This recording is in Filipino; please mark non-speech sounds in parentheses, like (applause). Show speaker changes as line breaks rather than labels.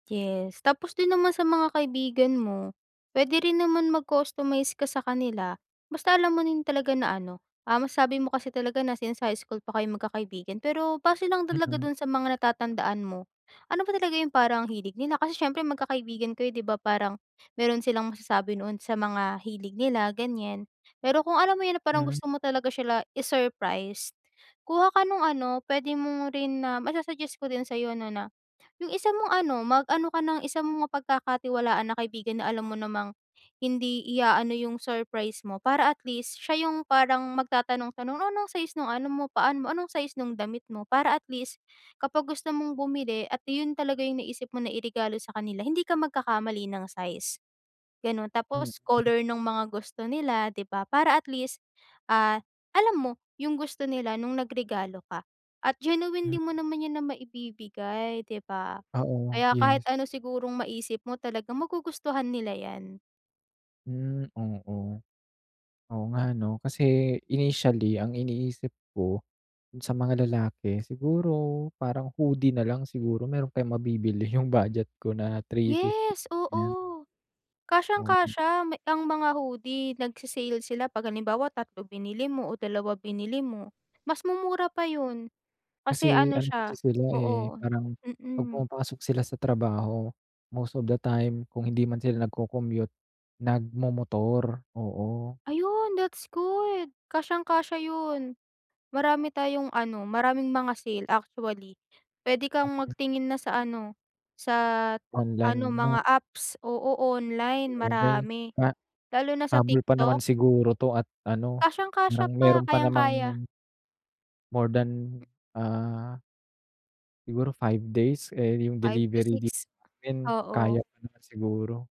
Yes, tapos din naman sa mga kaibigan mo pwede rin naman mag-customize ka sa kanila, basta alam mo din talaga na ano, um, sabi mo kasi talaga na since sa high school pa kayo magkakaibigan pero base lang dalaga
Mm.
dun sa mga natatandaan mo, ano ba talaga yung parang ang hilig nila, kasi siyempre magkakaibigan kayo di ba parang, meron silang masasabi noon sa mga hilig nila ganyan. Pero kung alam mo yun na parang
Hmm.
gusto mo talaga sila i-surprise, kuha ka nung ano, pwede mong rin na masa-suggest ko din sa'yo no na yung isa mong ano, mag-ano ka ng isa mong mapag-kakatiwalaan na kaibigan na alam mo namang, hindi i-aano yung surprise mo para atl east siya yung parang magtatanong-tanong o anong size nung ano mo paa mo? Anong size nung damit mo? Para at least, kapag gusto mong bumili at yun talaga yung naisip mo na i-regalo sa kanila hindi ka magkakamali ng size. Ganon
Hmm.
tapos, color nung mga gusto nila di ba para at least, ah, alam mo, yung gusto nila nung nag regalo ka. At genuinely mo naman yan na maibibigay di ba?
Oo,
Kaya kahit
yes.
ano sigurong maisip mo talagang magugustuhan nila yan.
Mm, oo. Oo nga ano, kasi, initially ang iniisip ko, sa mga lalaki, siguro parang hoodie nalang siguro meron kayong mabibili yung budget ko na ₱350
Yes,
yan.
oo.
(unintelligible)
Kasyang-kasya ang mga hoodie, nagse-sale sila pag halimbawa 3 binili mo o 2 binili mo. Mas mumura pa yun. Kasi
Kasi
ano
ano, kasi
siya
sila eh,
oo,
parang, 'pag
mm.
pumapasok sila sa trabaho, most of the time kung hindi man sila nag-cocommute, nag-momotor, oo.
Ayun that's good, kasyang-kasya yun. Marami tayong ano, maraming mga sale actually. Pwede kang
Mm.
magtingin na sa ano, sa, ano
Online
mga
'no?
apps, oo, online
Sabagay,
marami.
ah,
Lalo na sa
habol pa naman
TikTok.
siguro t'o at ano,
Kasyang-kasya
hanggang
pa,
meron pa namang
kayang-kaya.
more than, ah siguro 5 days eh, yung
5 to
delivery dito
6,
sa'min kaya
oo.
pa naman siguro.